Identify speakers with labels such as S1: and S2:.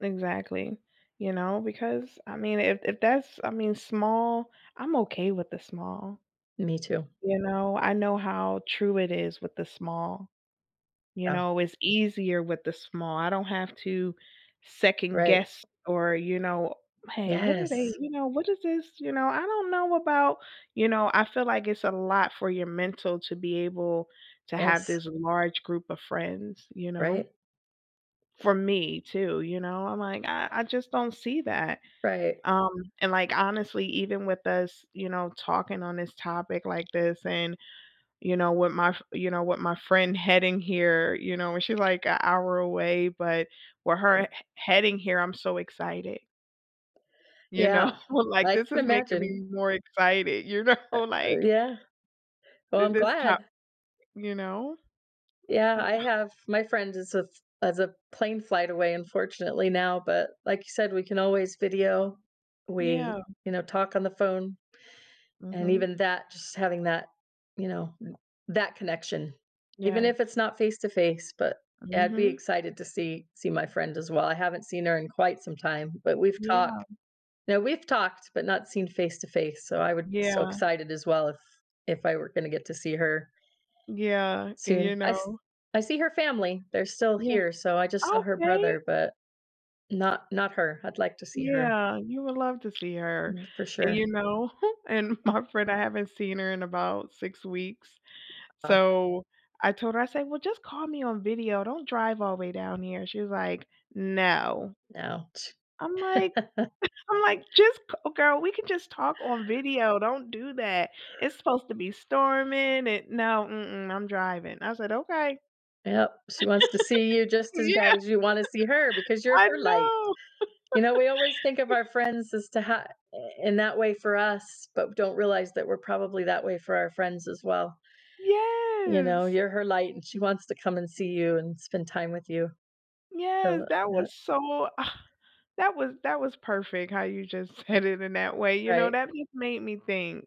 S1: Exactly, you know, because, I mean, if if that's, I mean, small, I'm okay with the small.
S2: Me too.
S1: You know, I know how true it is with the small. You
S2: Oh.
S1: know, it's easier with the small, I don't have to
S2: Right.
S1: second-guess or you know, "Hey, what are they"
S2: Yes.
S1: you know, "What is this, you know, I don't know about" you know, I feel like it's a lot for your mental to be able to have
S2: Yes.
S1: this large group of friends, you know?
S2: Right.
S1: For me too, you know? I'm like, I I just don't see that,
S2: Right.
S1: um, and, like, honestly, even with us, you know, talking on this topic like this, and, you know, what my f you know, what my friend heading here, you know, when she, like, a hour away, but where her
S2: Eh.
S1: he heading here, I'm so excited. You know,
S2: Yeah,
S1: like,
S2: I
S1: this
S2: can
S1: is making
S2: imagine.
S1: me more excited, you know,
S2: Uh uh,
S1: like
S2: yeah. Well,
S1: the
S2: I'm
S1: this
S2: glad.
S1: top You know? I
S2: Yeah,
S1: uh
S2: I have my friend is a f as a plane flight away, unfortunately now, but like you said, we can always video.
S1: Yeah.
S2: We, you know, talk on the phone, and
S1: Mhm.
S2: even that, just having that, you know, that connection, even if
S1: Yes.
S2: it's not face-to-face, but yeah I'd be
S1: Mhm.
S2: excited to see see my friend as well, I haven't seen her in quite some time, but we've talk
S1: Yeah.
S2: now, we've talked but not seen face-to-face, so, I would be so
S1: Yeah.
S2: excited as well if if I were gonna get to see her
S1: Yeah, and,
S2: soon,
S1: you
S2: I s
S1: know
S2: I see her family, they're still
S1: Yeah.
S2: here, so, I just saw her
S1: Okay!
S2: brother but not not her, I'd like to see her.
S1: Yeah, you would love to see her,
S2: Mm, for
S1: and,
S2: sure.
S1: you know, and my friend, I haven't seen her in about 6 weeks,
S2: Oh.
S1: so, I told her, I said, "Well just call me on video, don't drive all way down here," and she was like, "No."
S2: No, t
S1: I'm like I'm like, "Just c oh, girl, we can just talk on video, don't do that. It's supposed to be storming an" "No, mm-mm, I'm driving," I said, "Okay."
S2: Yep, she wants to see you just as bad
S1: Yeah.
S2: as you wanna see her, because you're
S1: I
S2: her light.
S1: know!
S2: You know, we always think of our friends as to ha i in that way for us, but don't realize that we're probably that way for our friends as well. You know,
S1: Yes.
S2: you're her light and she wants to come and see you, and spend time with you.
S1: Yes, that was so
S2: [unintelligible]
S1: that was that was perfect how you just said it in that way, you know,
S2: Right.
S1: that just made me think.